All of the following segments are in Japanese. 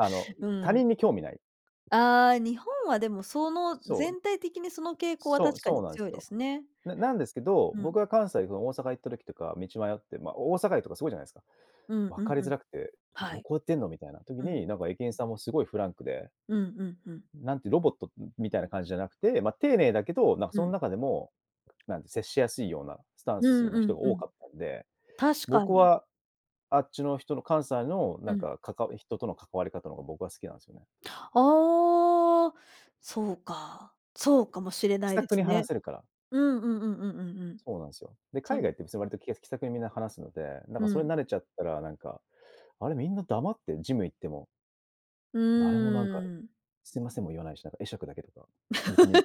あの、ん、う他ん。人に興味ない。ああ、日本はでもその、そう。全体的にその傾向はそう確かそうになんで強すいでよ。すね。ななんですけど、うん。僕が関西その大阪行った時とか道迷って、ま、大阪駅とかすごいじゃないすか。うん分うかりんうづん。らくて、どはい。こ行ってんのみたいな時うん。に、なんか、駅員さんもすごいフランクで。うんうんうん。なんていう、ロボット、ん、みたいな感じじゃなくて、ま、丁寧だけど、なんか、うそんん。中でも、なんで、接しやすいようなスタンうスんのう人んがう多ん。かったんで、確か僕に。はあっちの人の関西の、うなんん。か、かか人との関わり方の方が僕は好きなんですよね。ああ。そうか、そうかもしれ気ないさでくにす話ね。せるから。うんうんうんうんうんうん。そうなんすよ。で、そ海外んって別に割と気やす気さくにみんな話すので、なんうかそれにん。慣れちゃったら、なんか、あれ、みんな黙ってん、ジム行っても。う誰も、なんか、ーん。すいませんも言わないし、なんか会釈だけとか。いや、別にい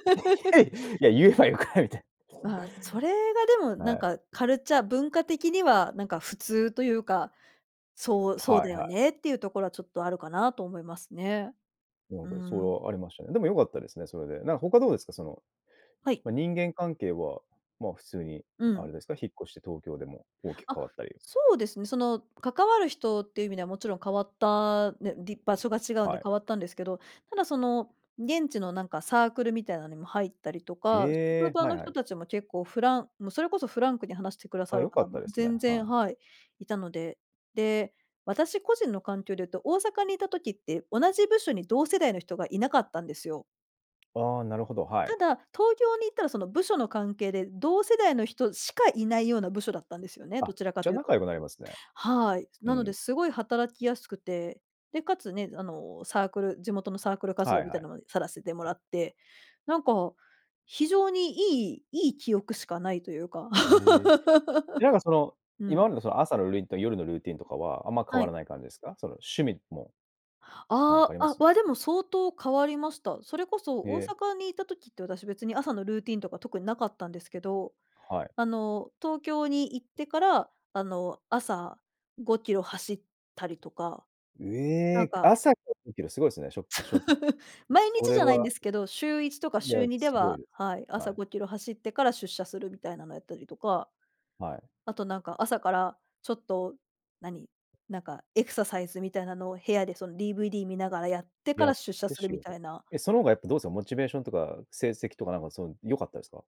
や いいや、言えばよくないみたい。まあ、それがでも、なはんい。か、カルチャ文化的には、なんか、普通というか、そうそうはいだよはい。ねっていうところは、ちょっとあるかなと思いますね。なんうか、そーれん。はありましたね。でも良かったですね、それで。なん、他どうですか？その、はい。ま、人間関係は、ま、普通にうあん。れですか、引っ越して東京でも大きくあ、変わったり。そうですね、その、関わる人っていう意味ではもちろん変わったね、でぃ場所が違うんはでい。変わったんですけど、ただその、現地のなんかサークルみたいなのにも入ったりとか、へ職え、場はいのは人い。たちも結構フランもうそれこそフランクに話してくださあ、る良かっ方たもですね、全は然い。はい、いたので。で、私個人の環境で言うと、大阪にいた時って、同じ部署に同世代の人がいなかったんですよ。ああ、なるほど、はい。ただ、東京に行ったら、その部署の関係で、同世代の人しかいないような部署だったんですよね、あ、どちらかじゃ、という仲と。良くなりますね。はい。うなので、ん。すごい働きやすくて。で、且つね、あの、サークル、地元のサークル活は動いみはたいい。なのもさらせてもらって、なんか非常にいいいい記憶しかないというか。へえ。なんか、その、う今ん。までの、その、朝のルーティンと夜のルーティンとかは、あんま変はわい。らない感じですか？その、趣味も。なんかあありあ、まあ、す？わでも相当変わりました。それこそへ大え。阪にいた時って、私別に朝のルーティンとか特になかったんですけど、はい。あの、東京に行ってから、あの、朝5キロ走ったりとか。えなんえ。か朝か5キロ、すごいですね、しょしょ 毎そ日れじゃないんでは。すけど、週1とかいしゅや、うにですごいはですはい、ね。は朝い。5キロ走ってから出社するみたいなのやったりとか、はい。あと、なんか、朝からちょっと、何、なんか、エクササイズみたいなのを部屋で、その、DVD 見ながらやってかやらっ出社てする仕みた事。いな。え、その方がやっぱどうす、おモチベーションとか成績とか、なんか、その、良かったですか？